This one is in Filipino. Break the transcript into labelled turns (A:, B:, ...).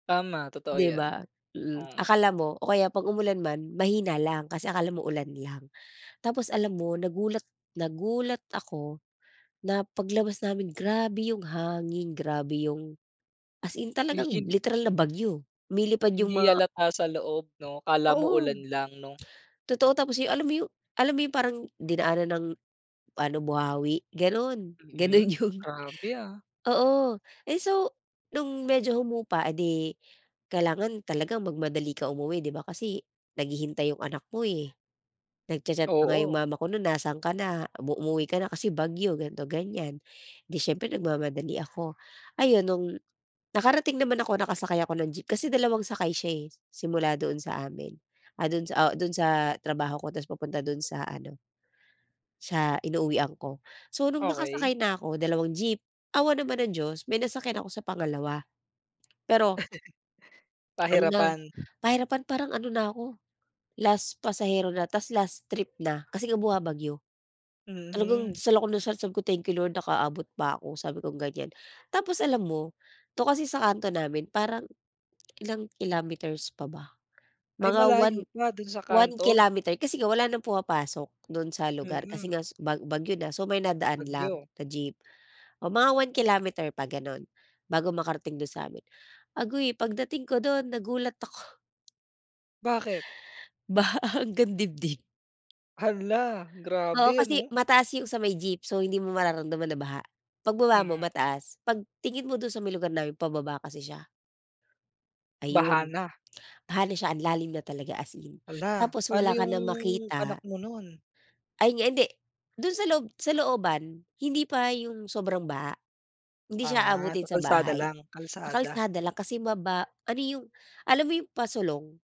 A: Tama, totoo
B: 'Di
A: 'yan.
B: ba? Mm.
A: Mm.
B: Akala mo o kaya 'pag umulan man mahina lang, kasi akala mo ulan lang. Tapos alam mo, nagulat nagulat ako na paglabas namin grabe yung hangin, grabe yung as in talagang literal na bagyo. Nilipad yung
A: Hindi
B: mga
A: halata sa loob, 'no. Akala mo
B: Oo.
A: ulan lang, 'no.
B: Totoo, tapos yung, alam mo yung alam mo yung parang dinaanan ng ano, buhawi, gano'n, gano'n
A: Mm,
B: yung
A: grabe ah.
B: Oo. Ay, so no'ng medyo humupa, eh di kailangan talaga magmadali ka umuwi, 'di ba kasi naghihintay 'yong anak mo eh. Nag-cha-chat pa nga 'yong
A: Oo.
B: mama ko no'n, "Nasaan ka na, umu umuwi ka na kasi bagyo." ganito, ganyan. 'Di siyempre nagmamadali ako. Ayun, no'ng nakarating naman ako, nakasakay ako ng jeep kasi dalawang sakay siya eh, simula doon sa amin. Ah, do'n sa o do'n sa trabaho ko, tapos papunta do'n sa ano sa inuuwian ko. So no'ng
A: Okey.
B: nakasakay na ako, dalawang jeep, awa naman ng Diyos may nasakyan ako sa pangalawa. Pero ano na,
A: Pahirapan.
B: pahirapan parang ano na ako, last pasahero na tapos last trip na kasi nga bumabagyo. Talagang
A: Mm.
B: dasal ako ng dasal, sabi ko, "Thank you Lord nakaabot pa ako." sabi kong ganyan. Tapos alam mo? 'To kasi sa kanto namin parang ilang kilometers pa ba?
A: Ay
B: Mga 1-
A: malayo pa, do'n sa
B: 1
A: kanto?
B: kilometer kasi nga wala ng pumapasok do'n sa lugar,
A: Mm.
B: kasi nga su bag bagyo na, so may na daan lang
A: Bagyo.
B: na jeep. O mga 1 kilometer pa gano'n, bago makarating do'n sa'min. Aguy, pagdating ko do'n, nagulat ako.
A: Bakit?
B: Baha hanggang dibdib.
A: Hala!
B: Oo,
A: Grabe
B: kasi
A: ano.
B: mataas yung sa may jeep. So, hindi mo mararamdaman na baha. Pagbaba mo
A: Mm.
B: mataas, 'pag tingin mo do'n sa may lugar namin, pababa kasi siya.
A: Baha
B: Ayun.
A: na.
B: Baha na siya, ang lalim na talaga as in.
A: Hala!
B: Tapos
A: Pa'no
B: wala ka
A: yung,
B: nang
A: anak
B: makita.
A: mo no'n?
B: Ayun nga hindi, do'n sa loob sa looban, hindi pa yung sobrang baha. Hindi siya
A: Ah, sa
B: aabutin sa
A: kalsada
B: bahay.
A: lang?
B: Sa
A: Kalsada.
B: kalsada lang kasi maba ano yung, alam mo yung pasulong?